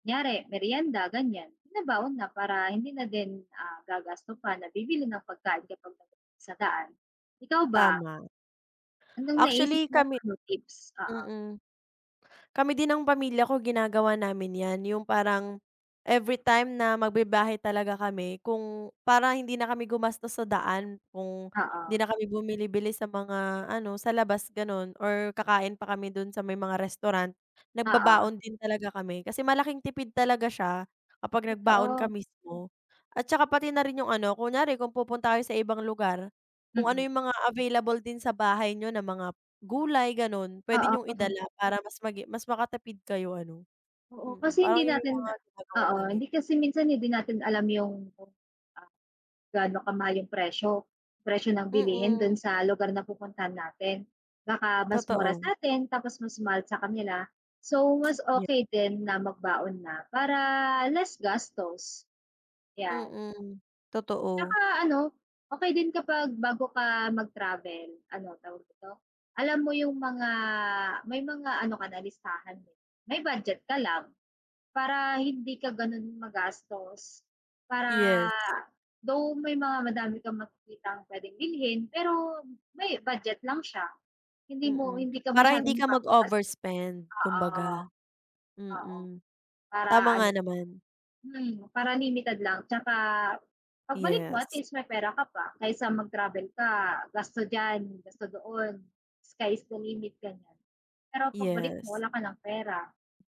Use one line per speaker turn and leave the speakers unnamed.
Kunyari merienda ganyan, binabaon na para hindi na din, ah, gagasto pa na bibili ng pagkain kapag [unintelligible] sa daan. Ikaw ba?
Tama.
Anong naisip
Actually
mo?
kami
Ano tips, oo?
mm, kami din nang pamilya ko, ginagawa namin yan, yung parang everytime na magbibiyahe talaga kami, kung parang hindi na kami gumastos sa daan, kung hindi
Oo.
na kami bumili-bili sa mga ano sa labas ganun or kakain pa kami dun sa may mga restaurant,
Oo.
nagbabaon din talaga kami. Kasi malaking tipid talaga siya kapag nagbaon ka
Totoo.
mismo. At 'tsaka pati na rin yung ano, kunyari kung pupunta tayo sa ibang lugar kung ano
Mm.
yung mga available din sa bahay niyo na mga gulay ganun, pwede niyong
Oo.
idala para mas magi mas makatipid kayo ano,
Oo,
mm.
kasi
Parang
hindi
yun yung
natin
mga ginagawa
oo,
namin.
hindi kasi minsan hindi natin alam yung kung, ah, gaano kamahal yung presyo, presyo ng bilihin dun
Mm.
sa lugar na pupuntahan natin. Baka mas mura
Totoo.
sa'tin, tapos mas mahal sa kanila. So, mas
Yep.
okay din na magbaon na, para less gastos. Yan.
Mm, totoo.
Tsaka ano, okey din kapag bago ka mag-travel, ano tawag dito alam mo yung mga, may mga ano ka na listahan, eh. May budget ka lang, para hindi ka ganun magastos. Para,
Yes.
though may mga madami kang makikitang pwedeng bilhin pero may budget lang siya, hindi mo
Mm,
hindi ka
para hindi
masyadong
ka
mapapagastos.
mag-overspend
Oo,
kumbaga,
oo,
mm. Tama
para
nga
ano,
naman.
mm, para limited lang. Tsaka, pagbalik mo, at
Yes.
least may pera ka pa. Kaysa mag-travel ka, gasto dyan, gasto doon, sky is the limit ganyan, pero pagbalik
Yes.
mo wala ka ng pera.